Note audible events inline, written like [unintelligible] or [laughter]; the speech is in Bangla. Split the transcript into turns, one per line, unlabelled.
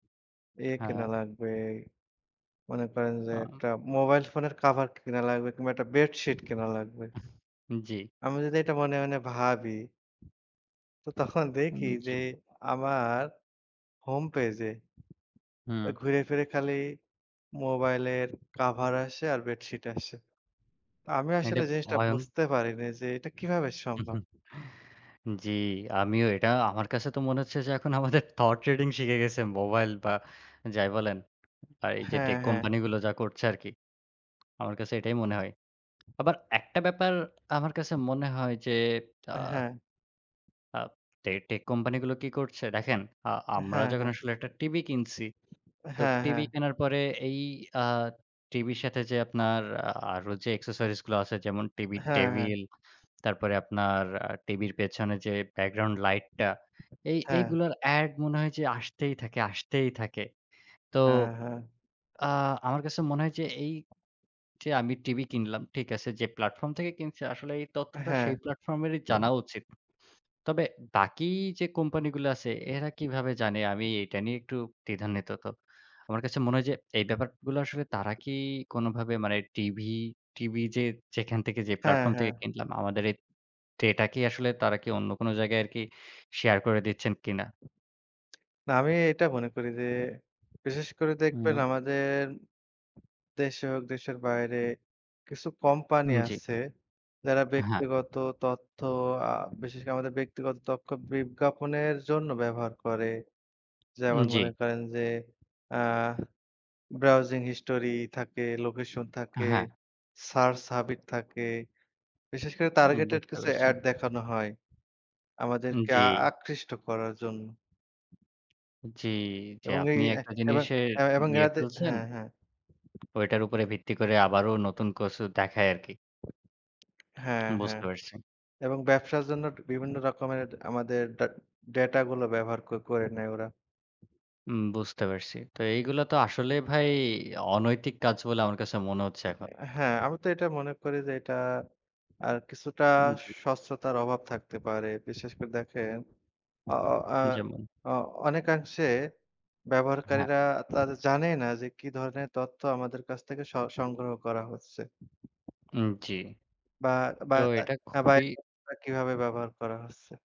এ কেনা
হ্যাঁ।
লাগবে। মনে করেন যে,
আম
একটা মোবাইল ফোনের কভার কেনা লাগবে কিংবা একটা বেডশিট কেনা লাগবে
[chuckles] জি।
আমি যদি এটা মনে, মনে ভাবি? তো তখন
উম
দেখি যে,
জি।
আমার হোমপেজে;
হুম।
ওই ঘুইরে-ফিরে খালি মোবাইলের কভার আসে আর বেডশিট আসে। তো আমি
এটা
আসলে জিনিসটা
ভয়ং
বুঝতে পারিনি যে, এটা কিভাবে
হুম,
সম্ভব?
হুম। জি। আমিও এটা, আমার কাছে তো মনে হচ্ছে যে, এখন, আমাদের থট ট্রেডিং শিখে গেছে মোবাইল বা যাই বলেন। আর এই যে,
হ্যাঁ,
টেক
হ্যাঁ।
কোম্পানি গুলো যা করছে আরকি, আমার কাছে এটাই মনে হয়। আবার একটা ব্যাপার আমার কাছে মনে হয় যে, আ
হ্যাঁ।
আ টে টেক কোম্পানিগুলো কি করছে? দেখেন, আ আমরা
হ্যাঁ,
যখন
হ্যাঁ।
আসলে একটা টিভি কিনছি। তো
হ্যাঁ,
টিভি
হ্যাঁ।
কেনার পরে এই আ টিভির সাথে যে, আপনার আরো যে, এক্সেসরিজ গুলো আছে, যেমন টিভির
হ্যাঁ, হ্যাঁ।
টেবিল, তারপরে আপনার টিভির পেছনে যে, ব্যাকগ্রাউন্ড লাইটটা, এই
হ্যাঁ।
এইগুলোর অ্যাড মনে হয় যে, আসতেই থাকে, আসতেই থাকে। তো
হ্যাঁ, হ্যাঁ।
আ আমার কাছে মনে হয় যে, এই যে, আমি টিভি কিনলাম, ঠিক আছে; যে, প্ল্যাটফর্ম থেকে কিনছি, আসলে এই তথ্যটা
হ্যাঁ।
সেই প্ল্যাটফর্মেরই জানা উচিত। তবে বাকি যে, কোম্পানিগুলো আছে, এরা কিভাবে জানে আমি এটা নিয়ে একটু দ্বিধান্বিত। আমার কাছে মনে হয় যে, এই ব্যাপারগুলো আসলে তারা কি কোনভাবে মানে টিভি, টিভি যে, যেখান থেকে যে,
হ্যাঁ,
প্ল্যাটফর্ম
হ্যাঁ।
থেকে কিনলাম, আমাদের এই ডেটা কি আসলে, তারা কি অন্য কোন জায়গায় আরকি শেয়ার করে দিচ্ছেন কিনা?
না, আমি এটা মনে করি যে, বিশেষ করে দেখবেন
হুম।
আমাদের দেশে হোক, দেশের বাইরে কিছু কোম্পানি
উম জি।
আছে, যারা
হ্যাঁ।
ব্যক্তিগত তথ্য, আ বিশেষ করে আমাদের ব্যক্তিগত তথ্য বিজ্ঞাপনের জন্য ব্যবহার করে।
উম
যেমন
জি।
মনে করেন যে, আ ব্রাউজিং হিস্টরি থাকে, লোকেশন থাকে,
হ্যাঁ।
সার্চ হ্যাবিট থাকে, বিশেষ করে
উম
টার্গেটেড
বুঝতে
কিছু
পেরেছি।
অ্যাড দেখানো হয়।
উম
আমাদেরকে
জি।
আ আকৃষ্ট করার জন্য।
জি। যে,
এবং এই
আপনি
এহ
একটা
এবং,
জিনিসের
এব এবং
নিয়ে
এড়াতে
ফেলছেন
হ্যাঁ, হ্যাঁ।
ওইটার উপরে ভিত্তি করে, আবারো নতুন কিছু দেখায় আরকি।
হ্যাঁ, হ্যাঁ।
বুঝতে পারছি।
এবং ব্যবসার জন্য বিভিন্ন রকমের আমাদের ডা ডাটা গুলো ব্যবহার কো করে নেয় ওরা।
হুম, বুঝতে পারছি। তো এইগুলা তো আসলেই ভাই অনৈতিক কাজ বলে আমার কাছে মনে হচ্ছে এখন।
হ্যাঁ। আমি তো এটা মনে করি যে, এটা, আর কিছুটা
উম জি।
স্বচ্ছতার অভাব থাকতে পারে। বিশেষ করে দেখেন, অ ও আ
যেমন?
অ অনেকাংশে
হ্যাঁ।
ব্যবহারকারীরা তারা জানেই না যে, কি ধরনের তথ্য আমাদের কাছ থেকে স সংগ্রহ করা হচ্ছে।
হুম, জি।
বা, বা
তো
তা
এটা খুবই
[unintelligible] কিভাবে ব্যবহার করা হচ্ছে?